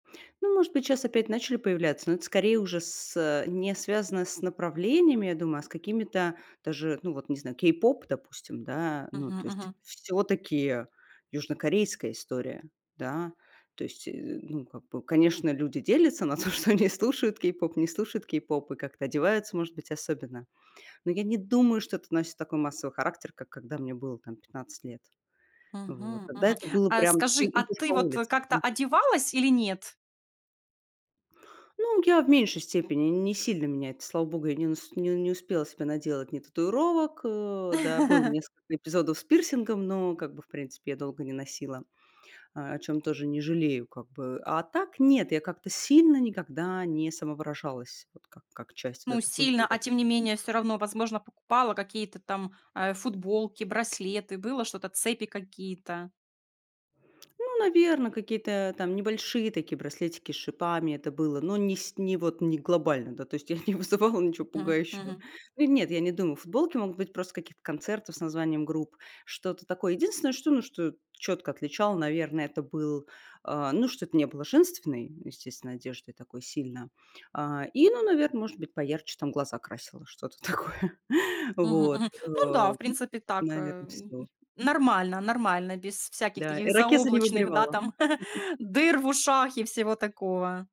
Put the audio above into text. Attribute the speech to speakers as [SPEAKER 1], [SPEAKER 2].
[SPEAKER 1] Ну, может быть, щас опять начали появляться, но это, скорее, уже с э, не связано с направлениями, я думаю, а с какими-то даже, ну, вот не знаю, кей-поп, допустим, да, ну,
[SPEAKER 2] Мгм,
[SPEAKER 1] то есть
[SPEAKER 2] мгм.
[SPEAKER 1] всё-таки южнокорейская история. Да, то есть, э, ну, как бы, конечно, люди делятся на то, что они слушают кей-поп, не слушают кей-поп и как-то одеваются, может быть, особенно. Но я не думаю, что это носит такой массовый характер, как когда мне было там 15 лет. Вот,
[SPEAKER 2] Мгм,
[SPEAKER 1] тогда
[SPEAKER 2] мгм.
[SPEAKER 1] это было
[SPEAKER 2] А
[SPEAKER 1] прям, ты
[SPEAKER 2] скажи, а
[SPEAKER 1] идешь по
[SPEAKER 2] ты вот
[SPEAKER 1] улице
[SPEAKER 2] как-то
[SPEAKER 1] Мгм.
[SPEAKER 2] одевалась или нет?
[SPEAKER 1] Ну, я в меньшей степени, не сильно меня это, слава богу, я не нас не не успела себе наделать ни татуировок. Э, да, было несколько эпизодов с пирсингом, но как бы, в принципе, я долго не носила, а, о чём тоже не жалею как бы. А так нет, я как-то сильно никогда не самовыражалась вот как как часть вот
[SPEAKER 2] Ну,
[SPEAKER 1] этой
[SPEAKER 2] сильно,
[SPEAKER 1] культуры.
[SPEAKER 2] а тем не менее, всё равно, возможно, покупала какие-то там, э, футболки, браслеты, было что-то, цепи какие-то?
[SPEAKER 1] Ну, наверно, какие-то там небольшие такие браслетики с шипами- это было, но не сь не вот не глобально. Да, то есть я не вызывала ничего
[SPEAKER 2] Мгм
[SPEAKER 1] пугающего.
[SPEAKER 2] мгм.
[SPEAKER 1] Ы у нет, я не думаю, футболки могут быть просто с каких-то концертов с названием групп, что-то такое. Единственное, что ну, что чётко отличало наверное, это был, а, ну, что это не было женственной, естественно, одеждой такой сильно. А, и, ну, наверно, может быть, поярче там глаза красила, что-то такое.
[SPEAKER 2] Мгм,
[SPEAKER 1] Вот,
[SPEAKER 2] мгм. Ну да,
[SPEAKER 1] э,
[SPEAKER 2] в принципе так, э,
[SPEAKER 1] наверно,
[SPEAKER 2] м м,
[SPEAKER 1] всё.
[SPEAKER 2] нормально, нормально, без всяких
[SPEAKER 1] Да,
[SPEAKER 2] таких
[SPEAKER 1] ирокезы не
[SPEAKER 2] заоблачных, да,
[SPEAKER 1] выбривала.
[SPEAKER 2] там дыр в ушах и всего такого.